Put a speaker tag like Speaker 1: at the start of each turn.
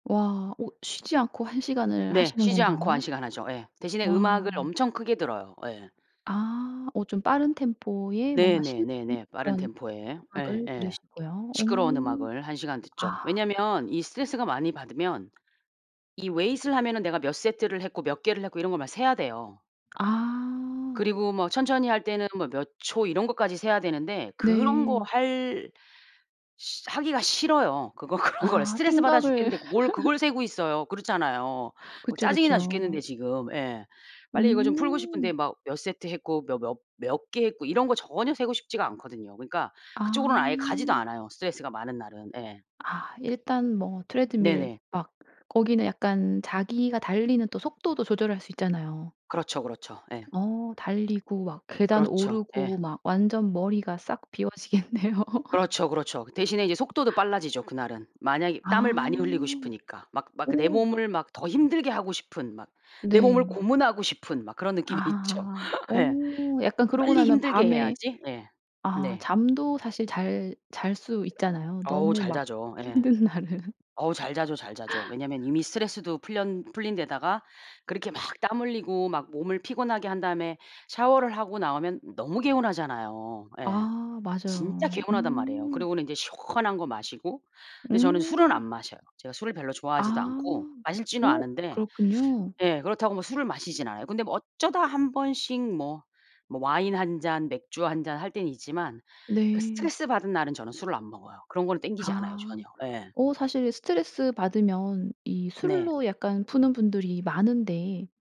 Speaker 1: 와. 어 쉬지 않고 1 시간을
Speaker 2: 네.
Speaker 1: 하시는
Speaker 2: 쉬지 않고 1
Speaker 1: 건가요?
Speaker 2: 시간 하죠. 예. 대신에
Speaker 1: 와.
Speaker 2: 음악을 엄청 크게 들어요. 예.
Speaker 1: 아. 어 좀 빠른 템포에 뭔가 신나는
Speaker 2: 네네네네. 빠른
Speaker 1: 그런
Speaker 2: 템포에
Speaker 1: 음악을
Speaker 2: 예예.
Speaker 1: 들으시고요. 어.
Speaker 2: 시끄러운 음악을 1 시간 듣죠.
Speaker 1: 아.
Speaker 2: 왜냐하면 이 스트레스가 많이 받으면 이 weight을 하면은 내가 몇 세트를 했고 몇 개를 했고 이런 걸 막 세야 돼요.
Speaker 1: 아.
Speaker 2: 그리고 뭐 천천히 할 때는 뭐 몇 초 이런 것까지 세야 되는데 그런 거
Speaker 1: 네.
Speaker 2: 할 시 하기가 싫어요. 그거 그런 거를
Speaker 1: 아
Speaker 2: 스트레스받아
Speaker 1: 생각을
Speaker 2: 죽겠는데 뭘 그걸 세고 있어요. 그렇잖아요. 막
Speaker 1: 그쵸,
Speaker 2: 짜증이 나 죽겠는데
Speaker 1: 그쵸.
Speaker 2: 지금. 예. 빨리 이거 좀 풀고 싶은데
Speaker 1: 음.
Speaker 2: 막 몇 세트 했고 몇 몇 몇 개 했고 이런 거 전혀 세고 싶지가 않거든요. 그러니까 그쪽으로는 아예 가지도
Speaker 1: 아.
Speaker 2: 않아요, 스트레스가 많은 날은 예.
Speaker 1: 아 일단 뭐 트레드밀
Speaker 2: 네네.
Speaker 1: 막 거기는 약간 자기가 달리는 또 속도도 조절할 수 있잖아요.
Speaker 2: 그렇죠, 그렇죠. 예.
Speaker 1: 어. 달리고 막 계단
Speaker 2: 그렇죠. 예.
Speaker 1: 오르고 막 완전 머리가 싹 비워지겠네요.
Speaker 2: 그렇죠, 그렇죠. 대신에 이제 속도도 빨라지죠, 그날은. 만약에 땀을
Speaker 1: 아.
Speaker 2: 많이 흘리고 싶으니까. 막 막 내
Speaker 1: 어.
Speaker 2: 몸을 막 더 힘들게 하고 싶은 막 내 몸을
Speaker 1: 네.
Speaker 2: 고문하고 싶은 막 그런 느낌이 있죠.
Speaker 1: 아. 어
Speaker 2: 예.
Speaker 1: 약간 그러고
Speaker 2: '빨리
Speaker 1: 나면
Speaker 2: 힘들게
Speaker 1: 밤에
Speaker 2: 해야지.' 예.
Speaker 1: 아
Speaker 2: 네.
Speaker 1: 잠도 사실 잘 잘 수 있잖아요,
Speaker 2: 어우
Speaker 1: 너무
Speaker 2: 잘
Speaker 1: 막
Speaker 2: 자죠 예.
Speaker 1: 힘든 날은.
Speaker 2: 어우 잘 자죠, 잘 자죠. 왜냐하면 이미 스트레스도 풀련 풀린 데다가 그렇게 막 땀 흘리고 막 몸을 피곤하게 한 다음에 샤워를 하고 나오면 너무 개운하잖아요. 예.
Speaker 1: 아
Speaker 2: 진짜
Speaker 1: 맞아요.
Speaker 2: 개운하단 말이에요.
Speaker 1: 음.
Speaker 2: 그러고는 이제 시원한 거 마시고. 근데 저는 술은 안
Speaker 1: 음.
Speaker 2: 마셔요. 제가 술을 별로 좋아하지도
Speaker 1: 아.
Speaker 2: 않고 마실 줄은
Speaker 1: 어
Speaker 2: 아는데
Speaker 1: 그렇군요.
Speaker 2: 예. 그렇다고 뭐 술을 마시진 않아요. 근데 뭐 어쩌다 한번씩 뭐, 뭐 와인 1 잔, 맥주 1 잔 할 때는 있지만 그
Speaker 1: 네.
Speaker 2: 스트레스받은 날은 저는 술을 안 먹어요. 그런 건 땡기지 않아요
Speaker 1: 아.
Speaker 2: 전혀. 예.
Speaker 1: 어 사실 스트레스받으면 이
Speaker 2: 네.
Speaker 1: 술로 약간 푸는 분들이 많은데